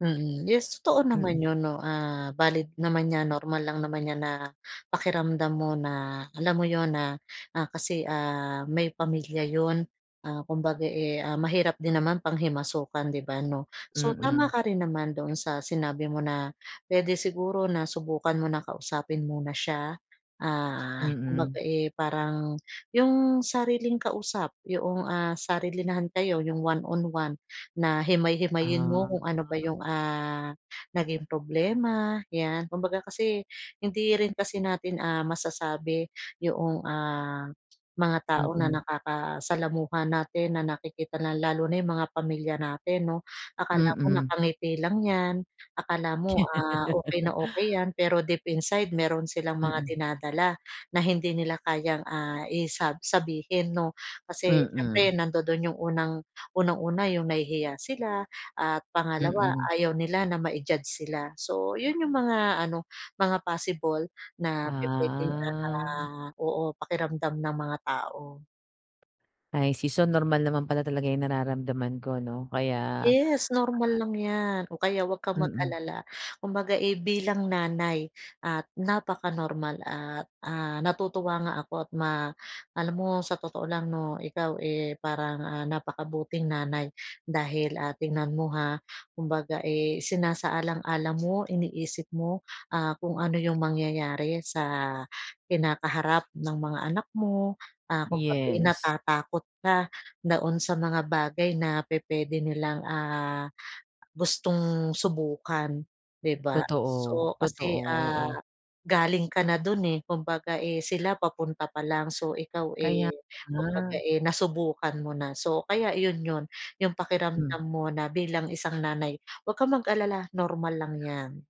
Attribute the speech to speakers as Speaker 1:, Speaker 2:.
Speaker 1: Mm. Yes, totoo
Speaker 2: Mm.
Speaker 1: naman yun, 'no, ah, valid naman 'yan, normal lang naman 'yan, na pakiramdam mo, na alam mo yun na, ah, kasi ah, may pamilya yun ah, kumbaga eh, ah, mahirap din naman panghimasukan, 'di ba, 'no. So tama
Speaker 2: Mm.
Speaker 1: ka rin naman doon sa sinabi mo na, puwede siguro na subukan mo na kausapin muna siya. Ah, kumbaga
Speaker 2: Mm.
Speaker 1: eh, parang, yung sariling kausap yoong, ah, sarilinahan kayo yung one-one-one, na himay-himayin mo
Speaker 2: Ah.
Speaker 1: kung ano ba yung, ah, naging problema 'yan. Kumbaga kasi hindi rin kasi natin ah, masasabi yoong, ah, mga tao na
Speaker 2: Mm.
Speaker 1: nakakasalamuha natin na nakikita na lalo na yung mga pamilya natin 'no, akala mo
Speaker 2: Mm.
Speaker 1: nakangiti lang 'yan, akala mo ah, okey na okey 'yan pero deep inside, meron silang mga
Speaker 2: Mm.
Speaker 1: dinadala na hindi nila kayang, ah, isa sabihin 'no. Kasi
Speaker 2: Mm.
Speaker 1: siyempre nandodon yung unang unang una, yung nahihiya sila at pangalawa
Speaker 2: Mm.
Speaker 1: ayaw nila na ma-i-judge sila. So yun, yung mga ano, mga possible na pupuwedeng
Speaker 2: Ah.
Speaker 1: ah, oo, pakiramdam ng mga tao.
Speaker 2: I see, so normal naman pala talaga yung nararamdaman ko ano, kaya, ah
Speaker 1: Yes normal lang 'yan, o kaya 'wag kang
Speaker 2: Mm.
Speaker 1: mag-alala. Kumbaga eh, bilang nanay at napakanormal at ah, natutuwa nga ako at ma alam mo sa totoo lang no, ikaw eh, parang ah, napakabuting nanay dahil, ah, tingnan mo ha kumbaga eh isasaalang-alang mo iniisip mo ah, kung ano yung mangyayari sa kinakaharap ng mga anak mo. Ah, kumbaga eh,
Speaker 2: Yes.
Speaker 1: natatakot ka doon sa mga bagay na pupuwede nilang ah, gustong subukan, 'di ba?
Speaker 2: Totoo,
Speaker 1: So
Speaker 2: totoo,
Speaker 1: kasi ah,
Speaker 2: oo.
Speaker 1: galing ka na dun eh, kumbaga eh, sila papunta pa lang. So ikaw
Speaker 2: Kaya
Speaker 1: eh, kumbaga
Speaker 2: nga.
Speaker 1: eh, nasubukan mo na. So kaya yun, yun yung
Speaker 2: Hmm.
Speaker 1: pakiramdam mo na bilang isang nanay 'wag kang mag-alala normal lang 'yan.